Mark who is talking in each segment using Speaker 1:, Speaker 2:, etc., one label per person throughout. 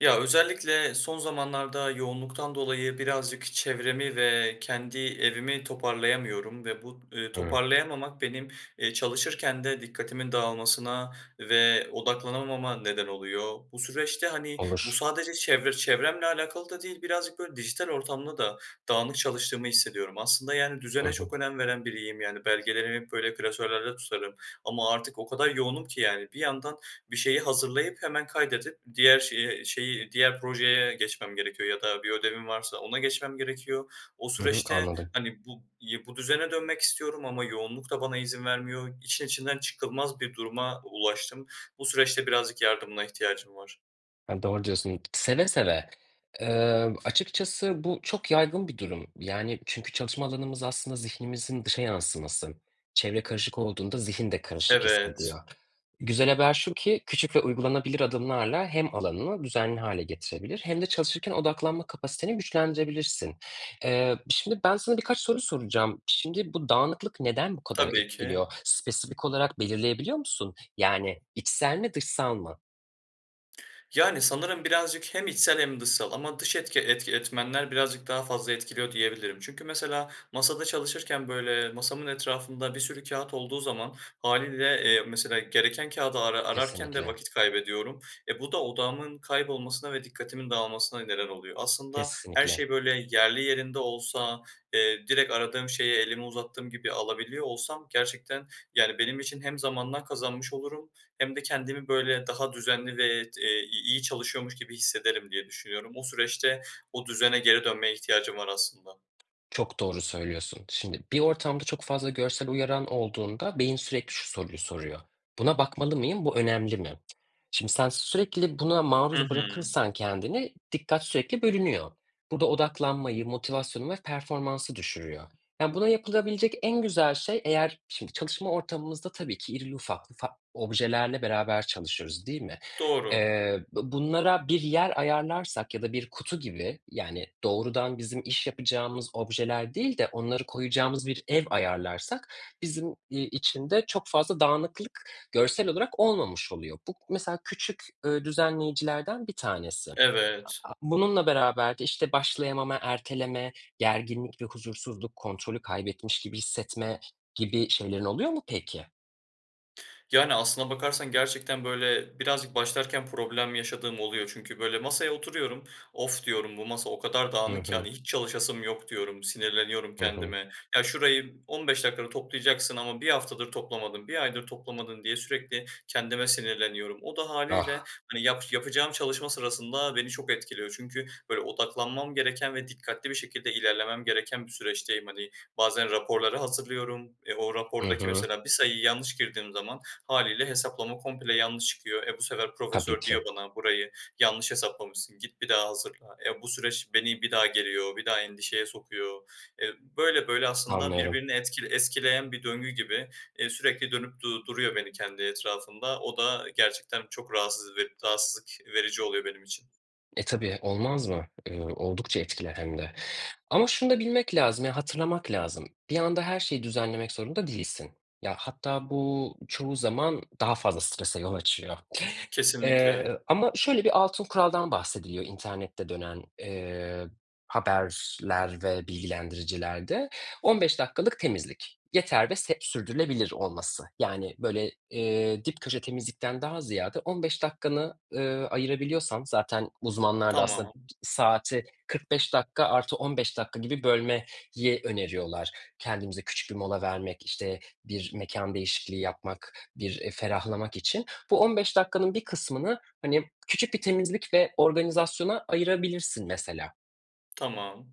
Speaker 1: Ya, özellikle son zamanlarda yoğunluktan dolayı birazcık çevremi ve kendi evimi toparlayamıyorum ve bu, eee,
Speaker 2: He.
Speaker 1: toparlayamamak benim, eee, çalışırken de dikkatimin dağılmasına ve odaklanamama neden oluyor. Bu süreçte, hani, bu
Speaker 2: Olur.
Speaker 1: sadece çevre çevremle alakalı da değil, birazcık böyle, dijital ortamda da dağınık çalıştığımı hissediyorum. Aslında, yani,
Speaker 2: Hı
Speaker 1: düzene
Speaker 2: hı.
Speaker 1: çok önem veren biriyim. Yani, belgelerimi hep böyle klasörlerde tutarım ama artık o kadar yoğunum ki yani, bir yandan bir şeyi hazırlayıp hemen kaydedip, diğer şeye şeyi diğer projeye geçmem gerekiyor ya da bir ödevim varsa ona geçmem gerekiyor. O
Speaker 2: Hı hı,
Speaker 1: süreçte
Speaker 2: anladım.
Speaker 1: hani bu y bu düzene dönmek istiyorum ama yoğunluk da bana izin vermiyor. İşin içinden çıkılmaz bir duruma ulaştım. Bu süreçte birazcık yardımına ihtiyacım var.
Speaker 2: Ya doğru diyorsun. Seve seve. Imm, açıkçası bu, çok yaygın bir durum. Yani, çünkü çalışma alanımız aslında zihnimizin dışa yansıması. Çevre karışık olduğunda zihin de karışık hissediyor.
Speaker 1: Evet.
Speaker 2: Güzel haber şu ki, küçük ve uygulanabilir adımlarla hem alanını düzenli hâle getirebilir hem de çalışırken odaklanma kapasiteni güçlendirebilirsin. Eee, şimdi, ben sana birkaç soru soracağım. Şimdi, bu dağınıklık neden bu kadar
Speaker 1: Tabii ki.
Speaker 2: etkiliyor? Spesifik olarak belirleyebiliyor musun? Yani içsel mi, dışsal mı?
Speaker 1: Yani, sanırım birazcık, hem içsel hem dışsal ama dış etki etki etmenler birazcık daha fazla etkiliyor diyebilirim. Çünkü, mesela, masada çalışırken, böyle, masamın etrafında bir sürü kağıt olduğu zaman, hâliyle, eee, mesela, gereken kâğıdı ara ararken de
Speaker 2: Kesinlikle.
Speaker 1: vakit kaybediyorum. E, bu da odağımın kaybolmasına ve dikkatimin dağılmasına neden oluyor. Aslında her
Speaker 2: Kesinlikle.
Speaker 1: şey, böyle, yerli yerinde olsa, eee, direkt aradığım şeyi elimi uzattığım gibi alabiliyor olsam, gerçekten, yani, benim için hem zamandan kazanmış olurum hem de kendimi, böyle, daha düzenli ve, e t i iyi çalışıyormuş gibi hissederim diye düşünüyorum. O süreçte, o düzene geri dönmeye ihtiyacım var aslında.
Speaker 2: Çok doğru söylüyorsun. Şimdi, bir ortamda çok fazla görsel uyaran olduğunda, beyin sürekli şu soruyu soruyor. "Buna bakmalı mıyım, bu önemli mi?" Şimdi, sen sürekli buna
Speaker 1: Hı
Speaker 2: maruz
Speaker 1: hı.
Speaker 2: bırakırsan kendini, dikkat sürekli bölünüyor. Bu ada odaklanmayı, motivasyonu ve performansı düşürüyor. Yani buna yapılabilecek en güzel şey, eğer, şimdi, çalışma ortamımızda tabii ki irili ufaklı fak objelerle beraber çalışıyoruz değil mi?
Speaker 1: Doğru.
Speaker 2: Eee, bu bunlara bir yer ayarlarsak ya da bir kutu gibi, yani, doğrudan bizim iş yapacağımız objeler değil de onları koyacağımız bir ev ayarlarsak, bizim, iii, için de çok fazla dağınıklık görsel olarak olmamış oluyor. Bu mesela küçük, ııı, düzenleyicilerden bir tanesi.
Speaker 1: Evet.
Speaker 2: A a bununla beraber de, işte, başlayamama, erteleme, gerginlik ve huzursuzluk, kontrolü kaybetmiş gibi hissetme, gibi şeylerin oluyor mu peki?
Speaker 1: Yani aslına bakarsan gerçekten böyle, birazcık başlarken problem yaşadığım oluyor. Çünkü, böyle, masaya oturuyorum, "Of!" diyorum, "Bu masa o kadar
Speaker 2: Hı
Speaker 1: dağınık ki,"
Speaker 2: hı.
Speaker 1: hani "hiç çalışasım yok." diyorum, sinirleniyorum
Speaker 2: Hı hı.
Speaker 1: kendime. "Ya, şurayı 15 dakika da toplayacaksın ama 1 haftadır toplamadın, 1 aydır toplamadın." diye sürekli kendime sinirleniyorum. O da hâliyle
Speaker 2: Ah!
Speaker 1: hani yap yapacağım çalışma sırasında beni çok etkiliyor. Çünkü böyle odaklanmam gereken ve dikkatli bir şekilde ilerlemem gereken bir süreçteyim. Hani, bazen raporları hazırlıyorum, eee, o
Speaker 2: Hı
Speaker 1: rapordaki
Speaker 2: hı.
Speaker 1: mesela bir sayıyı yanlış girdiğim zaman, hâliyle hesaplama komple yanlış çıkıyor. E, bu sefer
Speaker 2: Tabii
Speaker 1: profesör diyor
Speaker 2: ki.
Speaker 1: bana "Burayı yanlış hesaplamışsın, git bir daha hazırla." E, bu süreç beni bir daha geriyor, bir daha endişeye sokuyor. Eee, böyle böyle aslında
Speaker 2: Anlıyorum.
Speaker 1: birbirini etki eskileyen bir döngü gibi, eee, sürekli dönüp du duruyor beni kendi etrafında. O da gerçekten çok rahatsız ve rahatsızlık verici oluyor benim için.
Speaker 2: E, tabii olmaz mı, ııı, oldukça etkiler hem de ama şunu da bilmek lazım ya, hatırlamak lazım. Bir anda her şeyi düzenlemek zorunda değilsin. Ya, hatta bu çoğu zaman daha fazla strese yol açıyor,
Speaker 1: Kesinlikle.
Speaker 2: eee, ama şöyle bir altın kuraldan bahsediliyor internette dönen, eee, haberler ve bilgilendiriciler de; 15 dakikalık temizlik, yeter ve seb sürdürülebilir olması. Yani böyle, eee, dip köşe temizlikten daha ziyade 15 dakikanı, ııı, ayırabiliyorsan zaten uzmanlar da aslında bi
Speaker 1: Tamam.
Speaker 2: saati 45 dakika artı 15 dakika gibi bölmeyi öneriyorlar. Kendimize küçük bir mola vermek, işte, bir mekân değişikliği yapmak, bir, eee, ferahlamak için. Bu 15 dakikanın bir kısmını hani küçük bir temizlik ve organizasyona ayırabilirsin mesela.
Speaker 1: Tamam.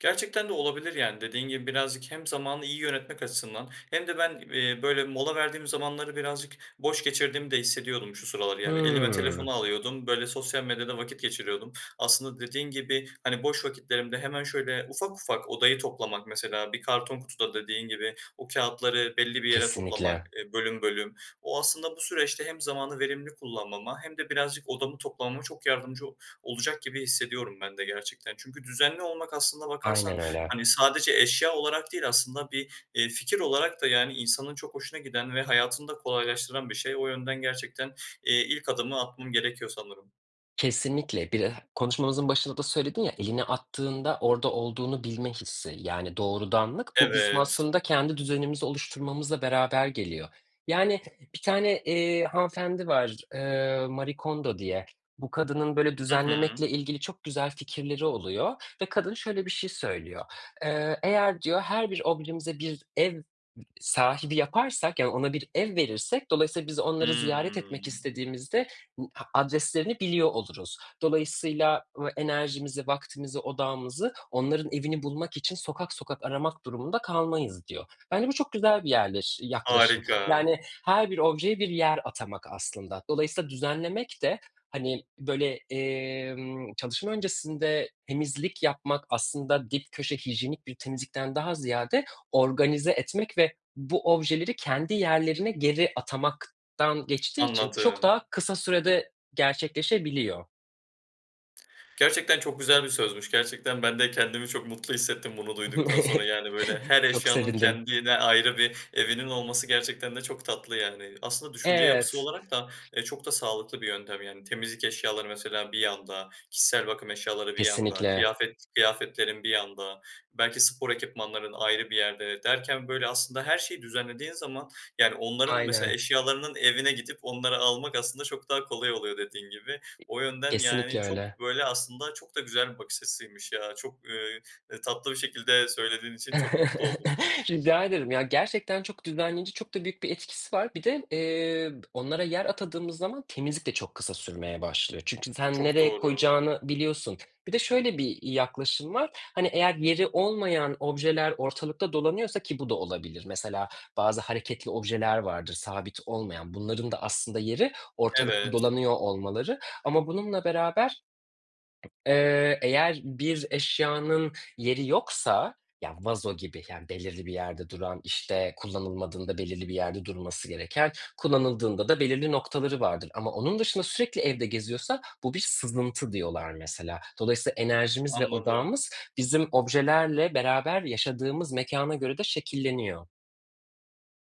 Speaker 1: Gerçekten de olabilir; yani dediğin gibi birazcık hem zamanı iyi yönetmek açısından hem de ben, eee, böyle mola verdiğim zamanları birazcık boş geçirdiğimi de hissediyordum şu sıralar; yani elime
Speaker 2: Hıı.
Speaker 1: telefonu alıyordum, böyle sosyal medyada vakit geçiriyordum. Aslında dediğin gibi, hani, boş vakitlerimde hemen şöyle ufak ufak odayı toplamak, mesela bir karton kutuda dediğin gibi, o kâğıtları belli bir yere toplamak,
Speaker 2: Kesinlikle.
Speaker 1: eee, bölüm bölüm. O aslında bu süreçte hem zamanı verimli kullanmama hem de birazcık odamı toplamama çok yardımcı olacak gibi hissediyorum ben de gerçekten. Çünkü düzenli olmak aslında bakarsan,
Speaker 2: Aynen öyle.
Speaker 1: hani, sadece eşya olarak değil aslında bir, eee, fikir olarak da yani insanın çok hoşuna giden ve hayatını da kolaylaştıran bir şey. O yönden gerçekten, eee, ilk adımı atmam gerekiyor sanırım.
Speaker 2: Kesinlikle. Bir eh konuşmamızın başında da söyledin ya, elini attığında orada olduğunu bilme hissi, yani doğrudanlık. Bu bizim
Speaker 1: Evet.
Speaker 2: aslında kendi düzenimizi oluşturmamızla beraber geliyor. Yani bir tane, eee, hanımefendi var, ııı, Marie Kondo diye; bu kadının böyle
Speaker 1: Hı hı.
Speaker 2: düzenlemekle ilgili çok güzel fikirleri oluyor ve kadın şöyle bir şey söylüyor: Eee, eğer diyor, her bir objemize bir ev sahibi yaparsak yani ona bir ev verirsek dolayısıyla biz onları ziyaret etmek
Speaker 1: Hıı.
Speaker 2: istediğimizde bu a adreslerini biliyor oluruz. Dolayısıyla v enerjimizi, vaktimizi, odağımızı onların evini bulmak için sokak sokak aramak durumunda kalmayız, diyor. Bence bu çok güzel bir yerleş yaklaşım
Speaker 1: Harika.
Speaker 2: yani her bir objeye bir yer atamak aslında. Dolayısıyla düzenlemek de hani, böyle, emm, çalışma öncesinde temizlik yapmak aslında dip köşe hijyenik bir temizlikten daha ziyade, organize etmek ve bu objeleri kendi yerlerine geri atamaktan geçtiği için çok
Speaker 1: Anladım.
Speaker 2: daha kısa sürede gerçekleşebiliyor.
Speaker 1: Gerçekten çok güzel bir sözmüş. Gerçekten ben de kendimi çok mutlu hissettim bunu duyduktan sonra. Yani, böyle her
Speaker 2: Çok
Speaker 1: eşyanın
Speaker 2: sevindim.
Speaker 1: kendine ayrı bir evinin olması gerçekten de çok tatlı. Yani, aslında düşünce yapısı
Speaker 2: Evet.
Speaker 1: olarak da, eee, çok da sağlıklı bir yöntem. Yani temizlik eşyaları mesela bir yanda, kişisel bakım eşyaları bir yanda,
Speaker 2: Kesinlikle.
Speaker 1: kıyafet kıyafetlerin bir yanda, belki spor ekipmanların ayrı bir yerde derken böyle aslında her şeyi düzenlediğin zaman, yani onların, mesela
Speaker 2: Aynen.
Speaker 1: eşyalarının evine gidip onları almak aslında çok daha kolay oluyor dediğin gibi. O yönden,
Speaker 2: Kesinlikle
Speaker 1: yani,
Speaker 2: öyle.
Speaker 1: çok böyle aslında çok da güzel bir bakış açısıymış ya, çok, eee eee, tatlı bir şekilde söylediğin için çok mutlu oldum.
Speaker 2: Rica ederim. Ya gerçekten çok düzenleyici, çok da büyük bir etkisi var. Bir de, eee, b onlara yer atadığımız zaman temizlik de çok kısa sürmeye başlıyor. Çünkü sen
Speaker 1: Çok
Speaker 2: nereye
Speaker 1: doğru.
Speaker 2: koyacağını biliyorsun. Bir de şöyle bir, iii, yaklaşım var, hani, eğer yeri olmayan objeler ortalıkta dolanıyorsa ki bu da olabilir, mesela bazı hareketli objeler vardır sabit olmayan, bunların da aslında yeri ortalıkta
Speaker 1: Evet.
Speaker 2: dolanıyor olmaları ama bununla beraber, eee, eğer bir eşyanın yeri yoksa, ya vazo gibi, yani belirli bir yerde duran, işte, kullanılmadığında belirli bir yerde durması gereken, kullanıldığında da belirli noktaları vardır ama onun dışında sürekli evde geziyorsa bu bir sızıntı diyorlar mesela. Dolayısıyla enerjimiz ve
Speaker 1: Anladım.
Speaker 2: odağımız bizim objelerle beraber yaşadığımız mekâna göre de şekilleniyor.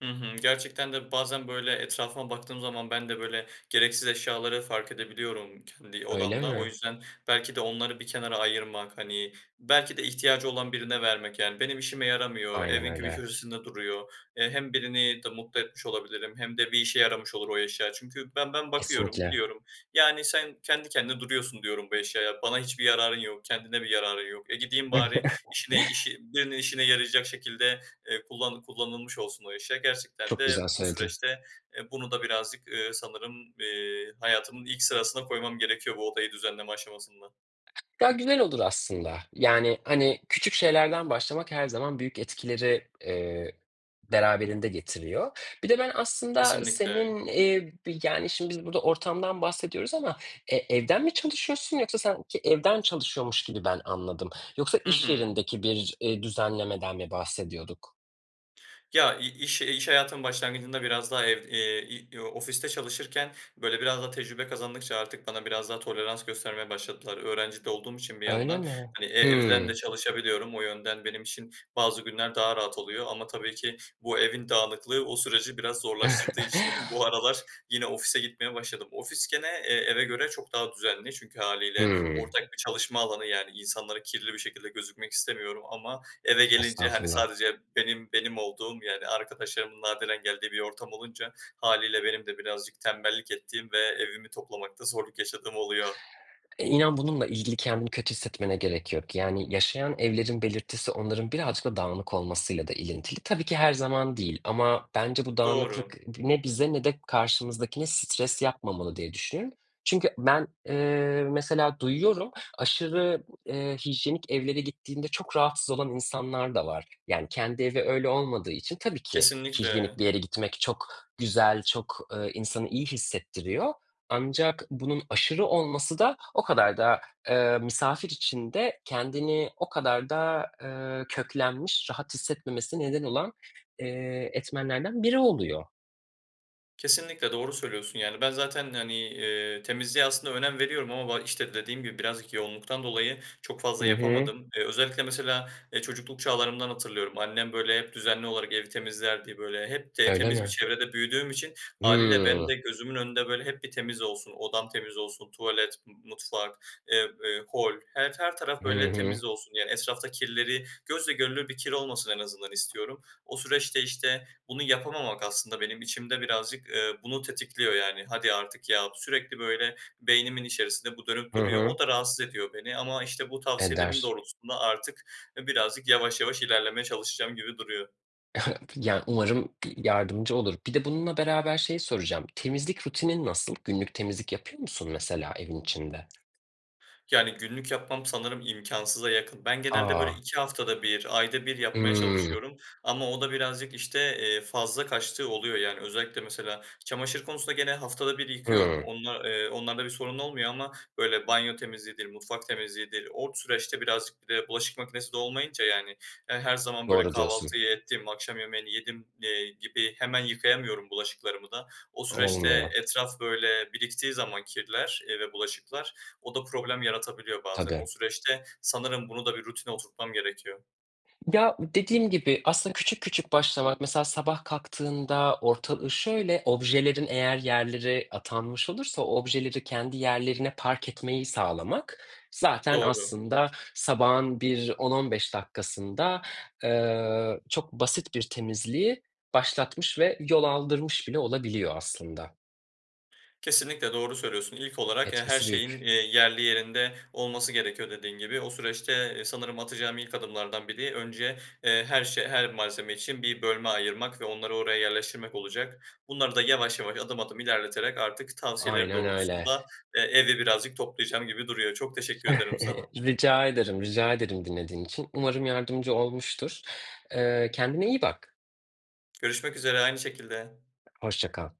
Speaker 1: Hı hı. Gerçekten de bazen böyle etrafıma baktığım zaman ben de böyle gereksiz eşyaları fark edebiliyorum kendi
Speaker 2: Öyle
Speaker 1: odamda. O
Speaker 2: mi?
Speaker 1: yüzden belki de onları bir kenara ayırmak hani, belki de ihtiyacı olan birine vermek yani, benim işime yaramıyor.
Speaker 2: Aynen
Speaker 1: Evin bir
Speaker 2: öyle.
Speaker 1: köşesinde duruyor. Hem birini de mutlu etmiş olabilirim hem de bir işe yaramış olur o eşya. Çünkü ben ben bakıyorum,
Speaker 2: Kesinlikle.
Speaker 1: diyorum. Yani, "Sen kendi kendine duruyorsun," diyorum bu eşyaya, bana hiçbir yararın yok, kendine bir yararın yok. E, gideyim bari işine işi birinin işine yarayacak şekilde, eee, kullan kullanılmış olsun o eşya. Gerçekten
Speaker 2: Çok güzel
Speaker 1: de o
Speaker 2: söyledin.
Speaker 1: süreçte, eee, bunu da birazcık, eee, sanırım, eee, hayatımın ilk sırasına koymam gerekiyor bu odayı düzenleme aşamasında.
Speaker 2: Daha güzel olur aslında. Yani hani, küçük şeylerden başlamak her zaman büyük etkileri, eee, beraberinde getiriyor. Bir de ben aslında senin,
Speaker 1: Kesinlikle.
Speaker 2: ııı, bi yani şimdi biz burada ortamdan bahsediyoruz ama, eee, evden mi çalışıyorsun yoksa sanki çe evden çalışıyormuş gibi ben anladım. Yoksa
Speaker 1: Hı
Speaker 2: iş
Speaker 1: hı.
Speaker 2: yerindeki bir, eee, düzenlemeden mi bahsediyorduk?
Speaker 1: Ya i iş iş hayatının başlangıcında biraz daha ev, eee, i ofiste çalışırken böyle biraz daha tecrübe kazandıkça artık bana biraz daha tolerans göstermeye başladılar. Öğrenci de olduğum için bir
Speaker 2: Öyle
Speaker 1: yandan
Speaker 2: mi?
Speaker 1: hani, eee, evden de
Speaker 2: Hımm.
Speaker 1: çalışabiliyorum. O yönden benim için bazı günler daha rahat oluyor ama tabii ki bu evin dağınıklığı o süreci biraz zorlaştırdığı için bu aralar yine ofise gitmeye başladım. Ofis gene, eee, eve göre çok daha düzenli çünkü hâliyle
Speaker 2: Hımm.
Speaker 1: ortak bir çalışma alanı. Yani insanlara kirli bir şekilde gözükmek istemiyorum ama eve gelince hani,
Speaker 2: Estağfurullah.
Speaker 1: sadece benim benim olduğum yer. Arkadaşlarımın nadiren geldiği bir ortam olunca hâliyle benim de birazcık tembellik ettiğim ve evimi toplamakta zorluk yaşadığım oluyor.
Speaker 2: Eee, inan bununla ilgili kendini kötü hissetmene gerek yok yani, yaşayan evlerin belirtisi onların birazcık da dağınık olmasıyla da ilintili. Tabii ki her zaman değil ama bence bu dağınıklık
Speaker 1: Doğru.
Speaker 2: ı ne bize ne de karşımızdakine stres yapmamalı diye düşün. Çünkü ben, eee, mesela duyuyorum, aşırı, eee, hijyenik evlere gittiğinde çok rahatsız olan insanlar da var. Yani kendi evi öyle olmadığı için tabii ki hijyenik
Speaker 1: Kesinlikle.
Speaker 2: bir yere gitmek çok güzel, çok, eee, insanı iyi hissettiriyor. Ancak bunun aşırı olması da o kadar da, eee, misafir içinde kendini o kadar da, eee, köklenmiş, rahat hissetmemesine neden olan, eee, etmenlerden biri oluyor.
Speaker 1: Kesinlikle, doğru söylüyorsun. Yani ben zaten hani, eee, temizliğe aslında önem veriyorum ama ba işte dediğim gibi birazcık yoğunluktan dolayı çok
Speaker 2: Hı
Speaker 1: fazla
Speaker 2: hı.
Speaker 1: yapamadım. Eee, özellikle mesela, eee, çocukluk çağlarımdan hatırlıyorum. Annem böyle hep düzenli olarak evi temizlerdi. Böyle hep de
Speaker 2: Öyle
Speaker 1: temiz bir
Speaker 2: mi?
Speaker 1: çevrede büyüdüğüm için hâliyle benim de
Speaker 2: Hımm.
Speaker 1: gözümün önünde böyle hep bir temiz olsun, odam temiz olsun, tuvalet, m mutfak, eee, eee, hol her her taraf
Speaker 2: Hı
Speaker 1: böyle
Speaker 2: hı.
Speaker 1: temiz olsun. Yani etrafta kirleri, gözle görülür bir kir olmasın en azından istiyorum. O süreçte işte, bunu yapamamak aslında benim içimde birazcık, eee, bunu tetikliyor yani. "Hadi artık ya!" sürekli böyle beynimin içerisinde bu dönüp
Speaker 2: Hı
Speaker 1: duruyor.
Speaker 2: hı.
Speaker 1: O da rahatsız ediyor beni ama işte, bu tavsiyelerin
Speaker 2: Eder.
Speaker 1: doğrultusunda artık, eee, birazcık yavaş yavaş ilerlemeye çalışacağım gibi duruyor.
Speaker 2: Ya, umarım yardımcı olur. Bir de bununla beraber şey soracağım, temizlik rutinin nasıl günlük temizlik yapıyor musun mesela evin içinde?
Speaker 1: Yani, günlük yapmam sanırım imkânsıza yakın. Ben genelde böyle
Speaker 2: A!
Speaker 1: 2 haftada 1 ayda 1 yapmaya
Speaker 2: Hıı.
Speaker 1: çalışıyorum ama o da birazcık işte, eee, fazla kaçtığı oluyor. Yani, özellikle, mesela, çamaşır konusunda gene haftada 1 yıkıyorum.
Speaker 2: Hıı.
Speaker 1: Onla, eee, onlarda bir sorun olmuyor, ama böyle banyo temizliğidir, mutfak temizliğidir. O süreçte birazcık bir de bulaşık makinesi de olmayınca, yani ya, her zaman böyle
Speaker 2: Doğru diyorsun.
Speaker 1: kahvaltıyı ettim, akşam yemeğini yedim, eee, gibi hemen yıkayamıyorum bulaşıklarımı da. O süreçte
Speaker 2: Olmuyor.
Speaker 1: etraf böyle biriktiği zaman kirler, eee, ve bulaşıklar o da problem yaratabiliyor bazen. O
Speaker 2: Tabii.
Speaker 1: süreçte, sanırım, bunu da bir rutine oturtmam gerekiyor.
Speaker 2: Ya, dediğim gibi aslında küçük küçük başlamak, mesela sabah kalktığında ortalığı şöyle objelerin eğer yerlere atanmış olursa o objeleri kendi yerlerine park etmeyi sağlamak zaten
Speaker 1: Doğru.
Speaker 2: aslında sabahın bir 10-15 dakikasında, eee, çok basit bir temizliği başlatmış ve yol aldırmış bile olabiliyor aslında.
Speaker 1: Kesinlikle doğru söylüyorsun, ilk olarak ya, her
Speaker 2: Etkisi
Speaker 1: şeyin,
Speaker 2: büyük.
Speaker 1: eee, yerli yerinde olması gerekiyor dediğin gibi. O süreçte e, sanırım atacağım ilk adımlardan biri önce, eee, her şe her malzeme için bir bölme ayırmak ve onları oraya yerleştirmek olacak. Bunları da yavaş yavaş, adım adım ilerleterek artık tavsiyelerin
Speaker 2: Aynen öyle.
Speaker 1: doğrultusunda, eee, evi birazcık toplayacağım gibi duruyor. Çok teşekkür ederim sana.
Speaker 2: Rica ederim, rica ederim dinlediğin için. Umarım yardımcı olmuştur. Eee, kendine iyi bak.
Speaker 1: Görüşmek üzere aynı şekilde.
Speaker 2: Hoşça kal.